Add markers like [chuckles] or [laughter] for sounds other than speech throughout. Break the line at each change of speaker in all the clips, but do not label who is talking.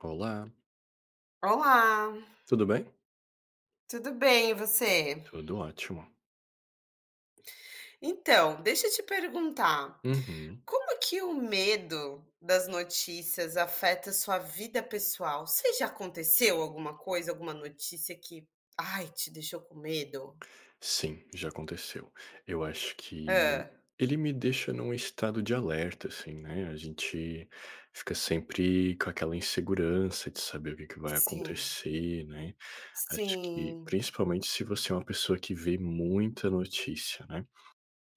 Olá.
Olá.
Tudo bem?
Tudo bem e você?
Tudo ótimo.
Então, deixa eu te perguntar:
Uhum.
Como que o medo das notícias afeta a sua vida pessoal? Você já aconteceu alguma coisa, alguma notícia que "Ai" te deixou com medo?
Sim, já aconteceu. Eu acho que
Hã.
ele me deixa num estado de alerta, assim, né? A gente fica sempre com aquela insegurança de saber o que que vai
Sim.
acontecer, né. Acho que,
Sim.
principalmente se você é uma pessoa que vê muita notícia, né.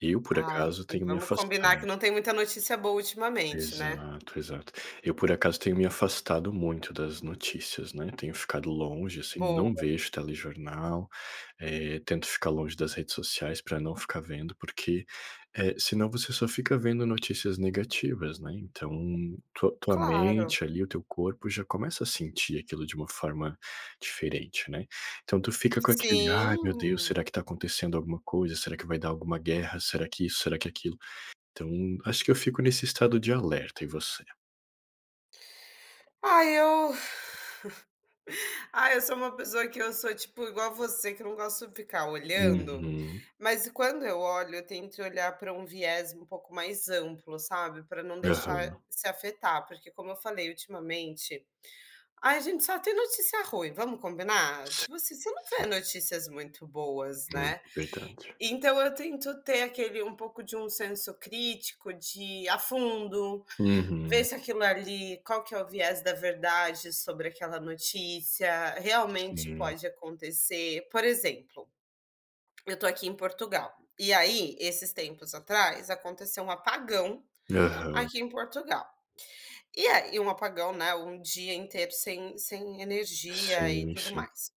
Eu por
Ai,
acaso,
e
tenho me
vamos
afastado.
combinar que não tem muita notícia boa ultimamente, né?
Exato, exato. Eu por acaso tenho me afastado muito das notícias, né. Tenho ficado longe, assim,
Boa.
não vejo telejornal, eh, tento ficar longe das redes sociais para não ficar vendo, porque, eh, senão você só fica vendo notícias negativas, né. Então, tua tua
Claro.
mente, ali, o teu corpo já começa a sentir aquilo de uma forma diferente, né? Então tu fica com aquele: "Ai, meu Deus,
Sim.
será que tá acontecendo alguma coisa? Será que vai dar alguma guerra? Será que isso, será que aquilo.". Então, acho que eu fico nesse estado de alerta, e você?
Ah, eu [giggles] Ah, eu sou uma pessoa que eu sou, tipo, igual a você que eu não gosto de ficar olhando,
Uhum.
mas quando eu olho, eu tento olhar para um viés um pouco mais amplo, sabe, para não deixar
Aham.
se afetar. Porque, como eu falei, ultimamente, a gente só tem notícia ruim, vamos combinar?
Sim,
Tipo assim, você não vê
sim.
notícias muito boas, né?
[unintelligible] .Verdade.
Então eu tento ter aquele um pouco de um senso crítico de ir a fundo, ver
Uhum.
se aquilo ali qual que é o viés da verdade sobre aquela notícia, realmente
Sim.
pode acontecer, por exemplo: Eu estou aqui em Portugal, e aí esses tempos atrás aconteceu um apagão
Aham.
aqui em Portugal. E a e um apagão, né, um dia inteiro sem sem energia e
Sim,
tudo
sim.
mais.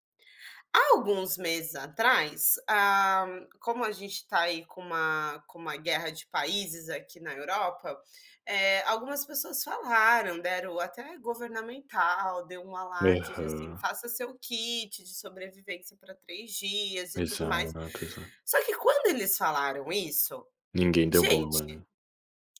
Há alguns meses atrás, ah, como a gente tá aí com uma com uma guerra de países aqui na Europa, eh, algumas pessoas falaram, deram até governamental, deu um alarde de, assim:
Aham.
"Faça seu kit de sobrevivência para 3 dias." E tudo mais.
Exato, exato.
Só que quando eles falaram isso,
Ninguém deu bola, né?
gente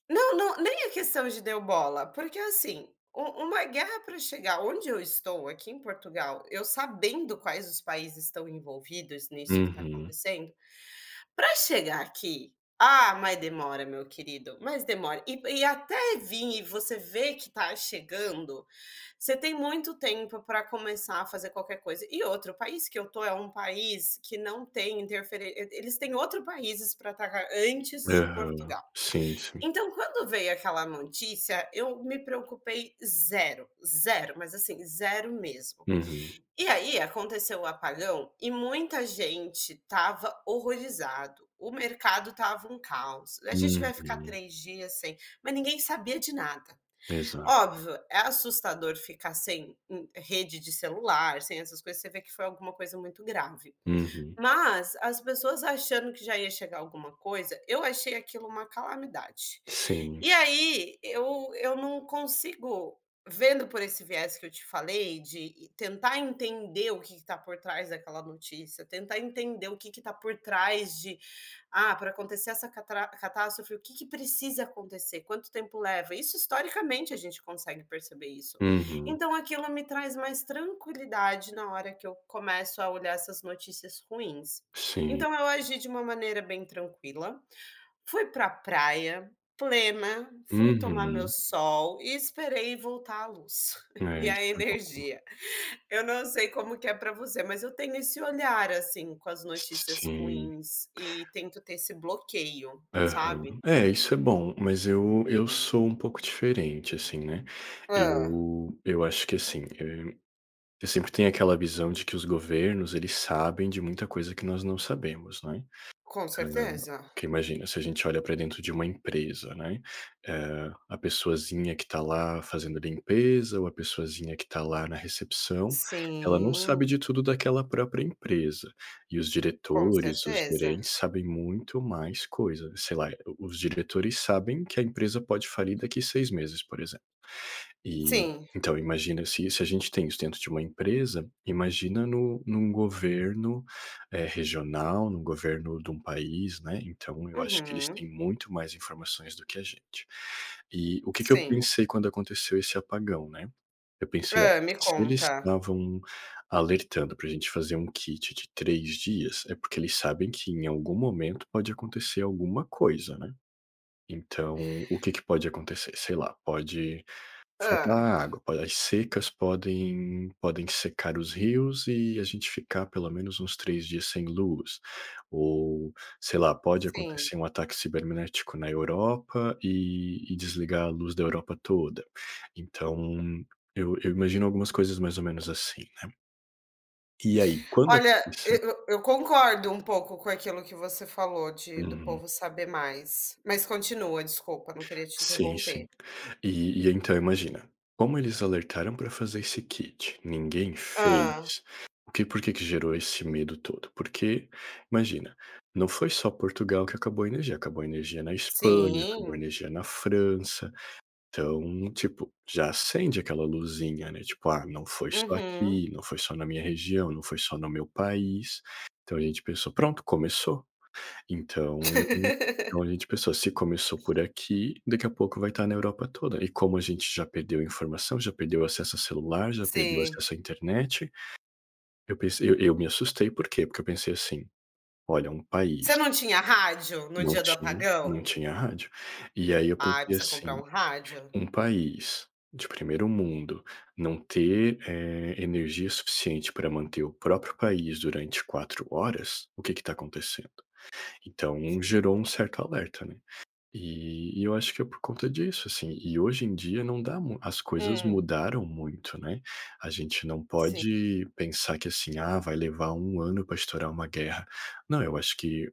Não não, nem é questão de deu bola, porque, assim, um uma guerra para chegar onde eu estou aqui em Portugal, eu sabendo quais os países estão envolvidos nisso que está
Uhum.
acontecendo, para chegar aqui, ah, mas demora, meu querido, mas demora e p e até vim e você vê que está chegando, você tem muito tempo para começar a fazer qualquer coisa. E outro, o país que eu estou é um país que não tem interferên Eh, eles têm outro países para atacar antes de
Aham.
Portugal.
Sim, sim.
Então, quando veio aquela notícia, eu me preocupei 0, 0, mas, assim, 0 mesmo.
Uhum.
E aí aconteceu o apagão e muita gente estava horrorizado. O mercado estava um caos. "A gente vai ficar
Uhum.
3 dias sem" Mas ninguém sabia de nada.
Exato.
Óbvio, é assustador ficar sem, hum, rede de celular, sem essas coisas, você vê que foi alguma coisa muito grave,
Uhum.
mas as pessoas achando que já ia chegar alguma coisa, eu achei aquilo uma calamidade.
Sim,
E
s
aí eu eu não consigo, vendo por esse viés que eu te falei de tentar entender o que que está por trás daquela notícia, tentar entender o que que tá por trás de "Ah, para acontecer essa catrá catástrofe, o que que precisa acontecer? Quanto tempo leva?" Isso historicamente a gente consegue perceber isso.
Uhum.
Então aquilo me traz mais tranquilidade na hora que eu começo a olhar essas notícias ruins.
Sim,
Então eu
sim.
agi de uma maneira bem tranquila. Fui para a praia, plena, fui tomar meu
Uhum.
sol e esperei voltar a luz [giggles]
É,
e
isso
a
é [unintelligible]
energia. Eu não sei como que é para você, mas eu tenho esse olhar, assim, com as
S s
notícias
sim.
ruins e tento ter esse bloqueio,
Aham.
sabe?
É, isso é bom, mas eu eu sou um pouco diferente, assim, né.
Hã.
Eu eu acho que, assim, eh, eu sempre tenho aquela visão de que os governos eles sabem de muita coisa que nós não sabemos, não é?
Com
Hã,
certeza.
porque imagina, se a gente olha para dentro de uma empresa, né. Eh, a pessoazinha que está lá fazendo limpeza ou a pessoazinha que está lá na recepção. Ela não sabe
Sim.
de tudo daquela própria empresa e os
Com
diretores, os
certeza.
gerentes sabem muito mais coisa. Sei lá, eh os diretores sabem que a empresa pode falir daqui 6 meses, por exemplo. E,
Sim.
então, imagina se isso a gente tem isso dentro de uma empresa, imagina no num governo, eh, regional, no governo de um país, né. Então, eu acho que eles
Uhum.
têm muito mais informações do que a gente. E o que que eu
Sim.
pensei quando aconteceu esse apagão, né. Eu pensei: "Ó,
Hã, me
se eles
conta.
estavam alertando para a gente fazer um kit de 3 dias, é porque eles sabem que em algum momento pode acontecer alguma coisa, né. Então, o que que pode acontecer? Sei lá, pode
Hã.
faltar água para as secas, podem podem secar os rios e a gente ficar pelo menos uns 3 dias sem luz ou, sei lá, pode
Sim.
acontecer um ataque cibernético na Europa e e desligar a luz da Europa toda." Então eu eu imagino algumas coisas mais ou menos assim, né? E aí, quando
Olha, eu
aconteceu?
eu eu concordo um pouco com aquilo que você falou de do
Uhum.
povo saber mais. Mas continua, desculpa, não queria te
Sim,
interromper.
sim, e e então imagina, como eles alertaram para fazer esse kit, ninguém
Hã.
fez, o que por que que gerou esse medo todo? Porque, imagina, não foi só Portugal que acabou a energia, acabou a energia na Espanha, acabou a
Sim.
energia na França, então, tipo, já acende aquela luzinha, né, tipo: "ah, não foi só
Uhum.
aqui, não foi só na minha região, não foi só no meu país". Então a gente pensou: "Pronto, começou." Então então a
[laughs]
gente pensou, se começou por aqui, daqui a pouco vai estar na Europa toda. E como a gente já perdeu a informação, já perdeu o acesso a celular, já perdeu o
Sim.
acesso à internet, eu pensei eu eu me assustei. Por quê? Porque eu pensei assim: "Olha, um país"
Você não tinha rádio no
Não
dia do
tinha, não
apagão?
tinha a rádio. E aí eu
Ah,
pensei
precisa comprar
assim:
um rádio.
"Um país de primeiro mundo, não ter, eh, energia suficiente para manter o próprio país durante 4 horas. O que que está acontecendo?" Então
Sim.
gerou um certo alerta, né. E e eu acho que é por conta disso, assim. E hoje em dia não dá mu as coisas
Hum.
mudaram muito, né, a gente não
Sim.
pode pensar que, assim: "Ah, vai levar 1 ano para estourar uma guerra", não, eu acho que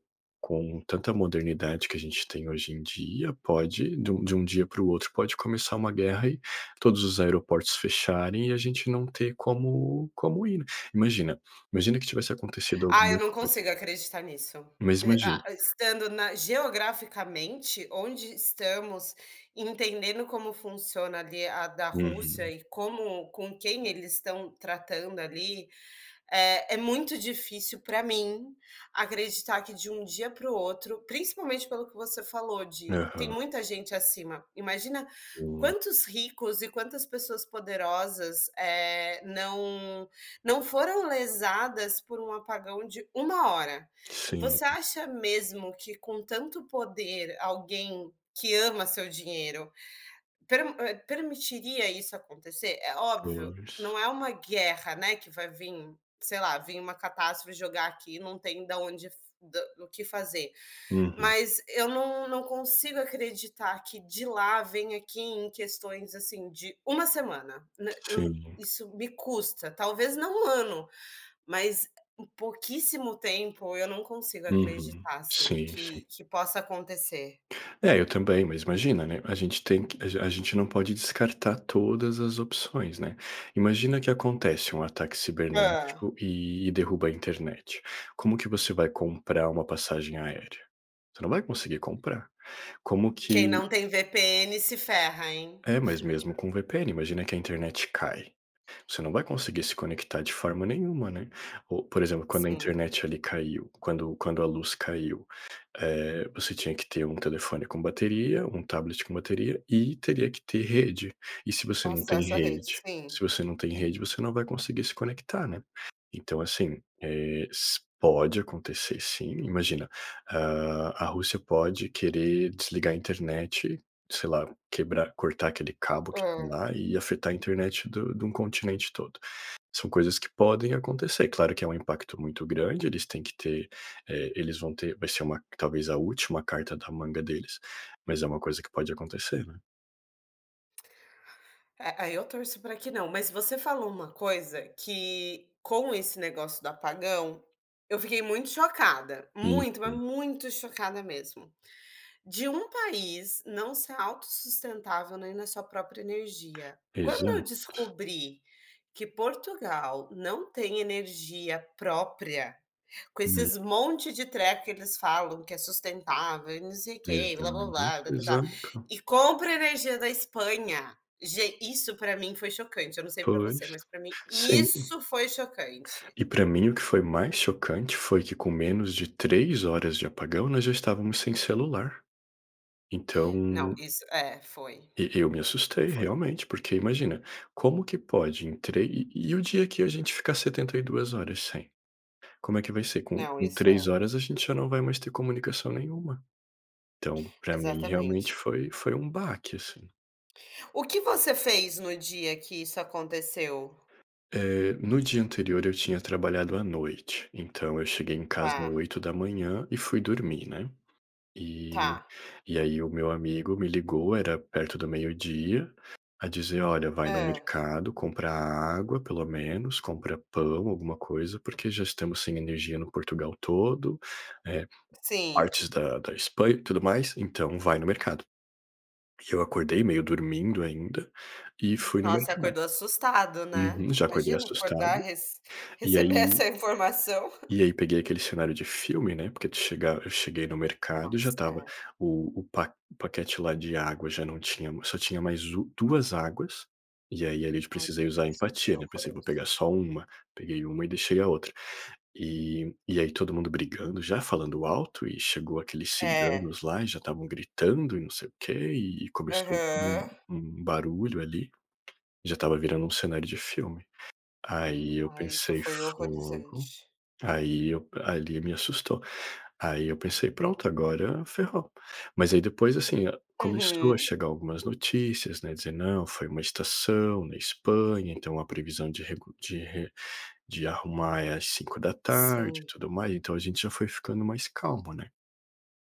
com tanta modernidade que a gente tem hoje em dia, pode de um de um dia para o outro, pode começar uma guerra e todos os aeroportos fecharem e a gente não ter como como ir, né. Imagina imagina que tivesse acontecido
Ah,
alguma
eu não
coisa
consigo acreditar nisso.
Mas
E
imagina
a estando na geograficamente, onde estamos, entendendo como funciona, ali, a da Rússia
Uhum.
e como com quem eles estão tratando, ali, eh, é muito difícil para mim acreditar que, de um dia para o outro principalmente pelo que você falou de tem
Aham.
muita gente acima, imagina
É.
quantos ricos e quantas pessoas poderosas, eh, não não foram lesadas por um apagão de 1 hora.
Sim.
Você acha mesmo que, com tanto poder, alguém que ama seu dinheiro per hã, permitiria isso acontecer? É óbvio,
Pois.
não é uma guerra, né, que vai vim, sei lá, vim uma catástrofe jogar aqui, não tem da onde da f o que fazer.
Uhum.
Mas eu não não consigo acreditar que de lá venha aqui em questões, assim, de 1 semana, né, eu
Sim.
isso me custa, talvez não 1 ano, mas é pouquíssimo tempo, eu não consigo
Uhum.
acreditar, assim,
Sim, sim.
que que possa acontecer.
É, eu também, mas imagina, né, a gente tem que a a gente não pode descartar todas as opções, né. Imagina que acontece um ataque
Hã.
cibernético e e derruba a internet. Como que você vai comprar uma passagem aérea? Você não vai conseguir comprar, como
Quem
que
não tem VPN se ferra, hein.
É, mas mesmo
[chuckles]
com o VPN, imagina que a internet cai. Você não vai conseguir se conectar de forma nenhuma, né. Ou, por exemplo, quando a
Sim.
internet, ali, caiu quando quando a luz caiu, eh, você tinha que ter um telefone com bateria, um tablet com bateria e teria que ter rede, e se você não tem
Acesso à rede.
rede
Sim.
se você não tem rede, você não vai conseguir se conectar, né. Então, assim, eh, se pode acontecer sim, imagina. Hã, a Rússia pode querer desligar a internet, sei lá, quebrar, cortar aquele cabo que tem
Hã.
lá e afetar a internet do de um continente todo. São coisas que podem acontecer. Claro que é um impacto muito grande. Eles têm que ter, eh, eles vão ter vai ser uma talvez a última carta da manga deles, mas é uma coisa que pode acontecer, né.
É, aí eu torço para que não. Mas você falou uma coisa que, com esse negócio do apagão, eu fiquei muito chocada, muito, mas
Isso.
muito chocada mesmo. De um país não ser autossustentável nem na sua própria energia. Quando eu
Exato.
descobri que Portugal não tem energia própria, com
Hum.
esses monte de treco, que eles falam que é sustentável e não sei o que
Rezando.
blá-blá-blá e blá-blá-blá
Exato.
e compra energia da Espanha. Gen isso para mim foi chocante. Eu não sei para você,
Pois.
mas para mim
Sim.
isso foi chocante.
E para mim, o que foi mais chocante foi que com menos de 3 horas de apagão, nós já estávamos sem celular.
Não,
Então
isso é foi
E eu me assustei
foi.
realmente, porque imagina, como que pode em treli e o dia que a gente fica 72 horas sem? Como é que vai ser com
Não,
com
isso
3
é
horas, a gente já não vai mais ter comunicação nenhuma. Então, para mim realmente
Exatamente.
foi foi um baque, assim.
O que você fez no dia que isso aconteceu?
Eh, no dia anterior eu tinha trabalhado à noite, então, eu cheguei em casa
Tá.
8h e fui dormir, né. E
Tá.
e aí o meu amigo me ligou. Era perto do 12h a dizer: "Olha, vai no
Hã.
mercado comprar água, pelo menos. Compra pão, alguma coisa, porque já estamos sem energia no Portugal todo, eh,
Sim.
partes da da Espanha e tudo mais. Então, vai no mercado". E eu acordei meio dormindo ainda e fui no
Nossa, você
mercado.
acordou assustado, né?
Uhum. Já acordei
Imagina acordar
assustado.
res
E
receber
aí
essa informação. [chuckles]
e aí peguei aquele cenário de filme, né. Porque tu chegar eu cheguei no mercado, já
Nossa,
estava
é.
o o pa paquete lá de água já não tinha só tinha mais u 2 águas. E aí, ali, de
Ai
precisei usar
isso é bem
empatia, né. Pensei:
horroroso.
"Vou pegar só 1" Peguei uma e deixei a outra, e e aí todo mundo brigando, já falando alto e chegou aqueles
É.
ciganos lá e já estavam gritando e não sei o quê e e começou por um
Aham.
um barulho, ali. Já estava virando um cenário de filme. Aí eu
Ah, isso
pensei:
foi
"Fogo."
horrorizante.
Aí e p ali me assustou. Aí eu pensei: "Pronto, agora ferrou." Mas aí depois, assim, hã, começou a
Uhum.
chegar algumas notícias, né. A dizer: "Não foi uma estação na Espanha. Então, a previsão de recu de re de arrumar é às 17h e
Sim.
tudo mais". Então, a gente já foi ficando mais calmo, né.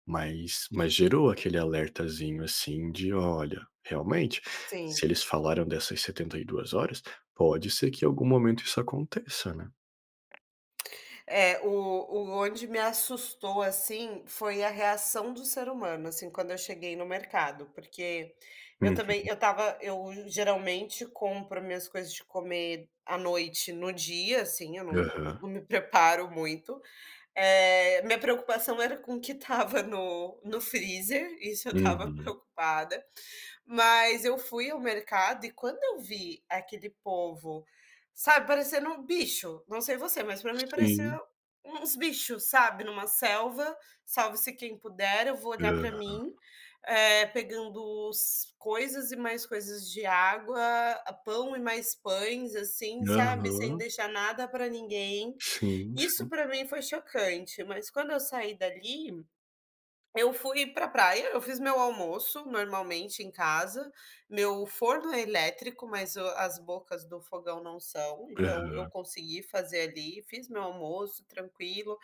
Mas mas gerou aquele alertazinho, assim, de: "Olha, realmente.
Sim.
Se eles falaram dessas 72 horas, pode ser que, em algum momento, isso aconteça, né".
É, o o onde me assustou, assim, foi a reação do ser humano, assim, quando eu cheguei no mercado, porque eu também,
Uhum.
eu estava, eu geralmente compro minhas coisas de comer à noite no dia ,assim, eu não não
Aham.
me preparo muito, eh, minha preocupação era com o que estava no no freezer, isso eu estava
Uhum.
preocupada, mas eu fui ao mercado, e quando eu vi aquele povo, sabe, parecendo um bicho, não sei você, mas pra mim pareceu
Sim.
uns bichos, sabe, numa selva, salve-se quem puder, eu vou olhar pra
Aham.
mim, eh, pegando os coisas e mais coisas de água, pão e mais pães assim, sabe, sem
Aham.
deixar nada pra ninguém.
Sim,
Isso
sim.
pra mim foi chocante, mas quando eu saí dali, eu fui pra a praia, eu fiz meu almoço normalmente em casa, meu forno é elétrico, mas o as bocas do fogão não são, então eu
Aham.
consegui fazer ali, fiz meu almoço tranquilo,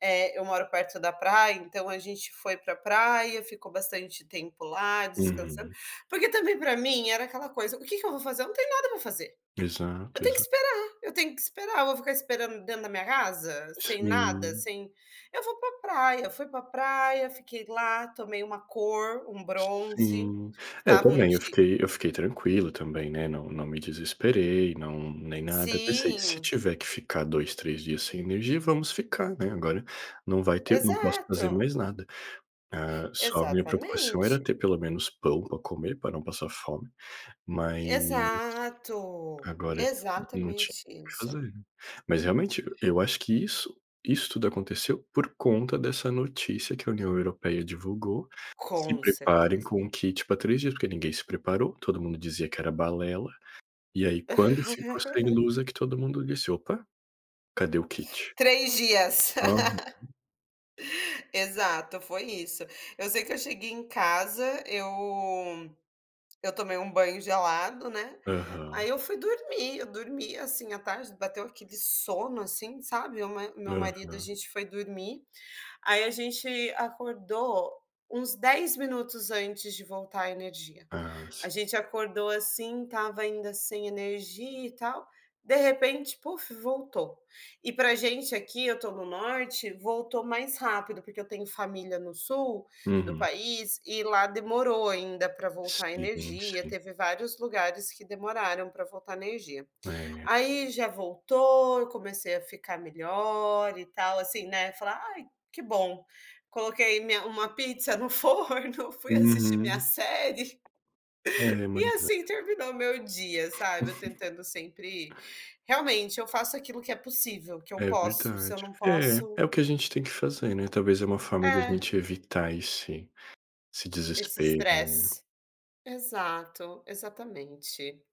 eh, eu moro perto da praia, então a gente foi pra praia, ficou bastante tempo lá, descansando,
Uhum.
porque também pra mim era aquela coisa: "O que que eu vou fazer?". Eu não tenho nada para fazer,
Exato,
eu tenho que
exa
esperar, eu tenho que esperar, eu vou ficar esperando dentro da minha casa? Sem nada,
Sim.
sem eu vou pra a praia. Fui pra a praia, fiquei lá, tomei uma cor, um bronze,
Sim,
que
é, eu
estava um
também, eu
di
fiquei eu fiquei tranquilo também, né, não não me desesperei, não nem nada, pensei, se
Sim.
tiver que ficar 2, 3 dias sem energia, vamos ficar, né, agora não vai ter, não posso fazer
Exato.
mais nada. Ah, só a minha preocupação era
Exatamente.
ter pelo menos pão pra comer, pra não passar fome mas,
Exato,
agora [unintelligible] não tinha
exatamente
o que
isso.
fazer,. Mas realmente eu acho que isso, isso tudo aconteceu por conta dessa notícia que a União Europeia divulgou: "Se
Com
preparem
certeza.
com um kit pra 3 dias.", porque ninguém se preparou, todo mundo dizia que era balela. E aí, quando ficou sem
[laughs]
luz, que todo mundo disse: "Opa, cadê o kit?".
3 dias.
Aham.
[laughs] Exato, foi isso, eu sei que eu cheguei em casa, eu eu tomei um banho gelado, né, aí
Aham.
eu fui dormir, eu dormi, assim, à tarde, bateu aquele sono assim, sabe, meu ma meu marido, a
Aham.
gente foi dormir, aí a gente acordou uns 10 minutos antes de voltar a energia.
Ah, si
A gente acordou assim, estava ainda sem energia e tal, de repente, puf voltou. E pra a gente aqui, eu tô no Norte, voltou mais rápido, porque eu tenho família no sul, do
Uhum.
país e lá demorou ainda pra voltar a
Sim,
energia,
sim.
teve vários lugares que demoraram pra voltar a energia.
É.
Aí já voltou, eu comecei a ficar melhor e tal assim, né, fala: "Ai, que bom!". Coloquei minha uma pizza no forno, fui assistir minha
Uhum.
série.
É,
E
mas é.
assim terminou o meu dia, sabe, eu
[laughs]
tentando sempre, realmente eu faço aquilo que é possível, que eu
É
posso, se
verdade.
eu não
É,
posso
é o que a gente tem que fazer, né, talvez é uma forma de a
É.
gente evitar esse esse
Esse
desespero, né?
estresse, exato, exatamente.